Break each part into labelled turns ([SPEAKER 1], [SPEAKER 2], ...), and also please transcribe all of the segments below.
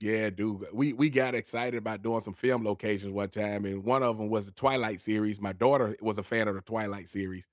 [SPEAKER 1] Yeah, do g we we got excited about doing some film locations one time, and one of 'em was the Twilight series- my daughter was a fan of the Twilight series-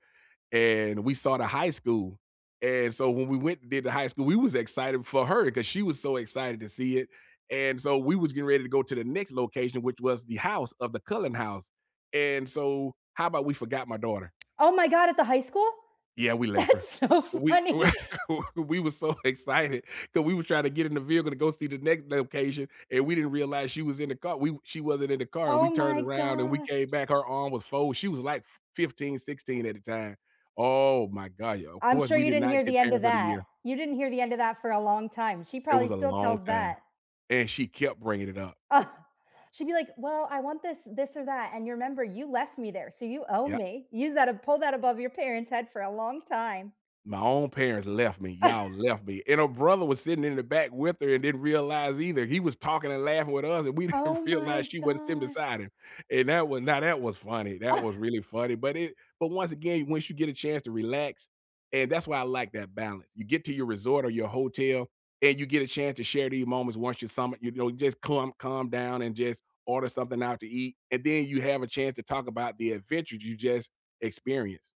[SPEAKER 1] and we saw the high school, and so when we went and did the high school, we was excited for her, 'cause she was so excited to see it, and so we was getting ready to go to the next location, which was the house, of the Cullen house, and so, how 'bout we forgot my daughter?
[SPEAKER 2] Oh my god, at the high school?
[SPEAKER 1] Yeah, we left her.
[SPEAKER 2] That's so
[SPEAKER 1] W
[SPEAKER 2] funny.
[SPEAKER 1] we we was so excited, that we was tryna get in the vehicle to go see the next location, and we didn't realize she was in the car we she wasn't in the car, and
[SPEAKER 2] Oh
[SPEAKER 1] we turned
[SPEAKER 2] my
[SPEAKER 1] around, and we
[SPEAKER 2] gosh.
[SPEAKER 1] came back. Her arm was fold. She was like f 15, 16 at the time. Oh my god, yeah, of
[SPEAKER 2] I'm
[SPEAKER 1] course,
[SPEAKER 2] sure
[SPEAKER 1] we
[SPEAKER 2] you
[SPEAKER 1] did
[SPEAKER 2] didn't
[SPEAKER 1] not
[SPEAKER 2] hear the
[SPEAKER 1] get
[SPEAKER 2] end of
[SPEAKER 1] parents of the
[SPEAKER 2] that.
[SPEAKER 1] year.
[SPEAKER 2] You didn't hear the end of that for a long time. She
[SPEAKER 1] It
[SPEAKER 2] probably
[SPEAKER 1] was a
[SPEAKER 2] still
[SPEAKER 1] long
[SPEAKER 2] tells
[SPEAKER 1] time,
[SPEAKER 2] that.
[SPEAKER 1] and she kept bringing it up.
[SPEAKER 2] She'd be like, "Well, I want this this or that, and you remember, you left me there, so you owe
[SPEAKER 1] Yeah.
[SPEAKER 2] me." Use that pull that above your parents' head for a long time.
[SPEAKER 1] "My own parents left me. Y'all left me," and her brother was sitting in the back with her and didn't realize either. He was talking and laughing with us, and we
[SPEAKER 2] Oh
[SPEAKER 1] didn't
[SPEAKER 2] my
[SPEAKER 1] realize she wasn't sitting
[SPEAKER 2] gosh.
[SPEAKER 1] beside him, and that was now that was funny. That was really funny, but it but once again, once you get a chance to relax and that's why I like that balance. You get to your resort or your hotel, and you get a chance to share these moments once you sum it, you know, just clum calm down and just order something out to eat, and then you have a chance to talk about the adventures you just experienced.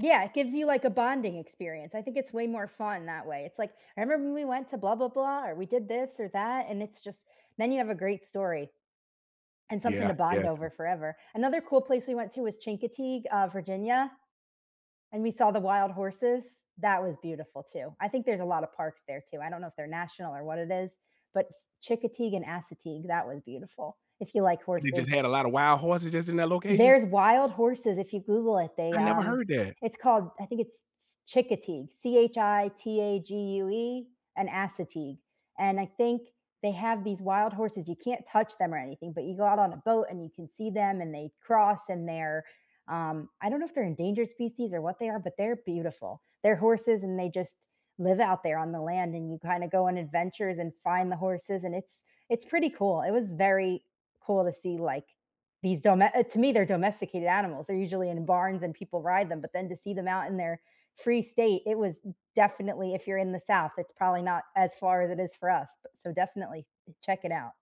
[SPEAKER 2] Yeah, it gives you, like, a bonding experience. I think it's way more fun that way. It's, like, "I remember when we went to blah blah blah, or we did this, or that, and it's just" and then you have a great story. And something
[SPEAKER 1] Yeah.
[SPEAKER 2] to
[SPEAKER 1] Yeah,
[SPEAKER 2] bond over
[SPEAKER 1] do
[SPEAKER 2] forever. Another cool place we went to was Chincoteague, uh, Virginia, and we saw the wild horses. That was beautiful, too. I think there's a lot of parks there, too. I don't know if they're national, or what it is, but S Chickateague and Assateague, that was beautiful, if you like
[SPEAKER 1] What they just
[SPEAKER 2] horses.
[SPEAKER 1] had a lot of wild horses, just in that location?
[SPEAKER 2] There's wild horses, if you google it, they,
[SPEAKER 1] I never
[SPEAKER 2] um
[SPEAKER 1] heard that.
[SPEAKER 2] it's called I think it's S Chincoteague, C-H-I-T-A-G-U-E, and Assateague, and I think they have these wild horses you can't touch them or anything, but you go out on a boat, and you can see them, and they cross, and they're, um I don't know if they're endangered species, or what they are, but they're beautiful. They're horses and they just live out there on the land, and you kinda go on adventures, and find the horses, and it's it's pretty cool. It was very cool to see, like, these dome eh, to me, they're domesticated animals, they're usually in barns, and people ride them, but then to see them out in their free state, it was d definitely if you're in the South, it's probably not as far as it is for us, but so definitely i check it out.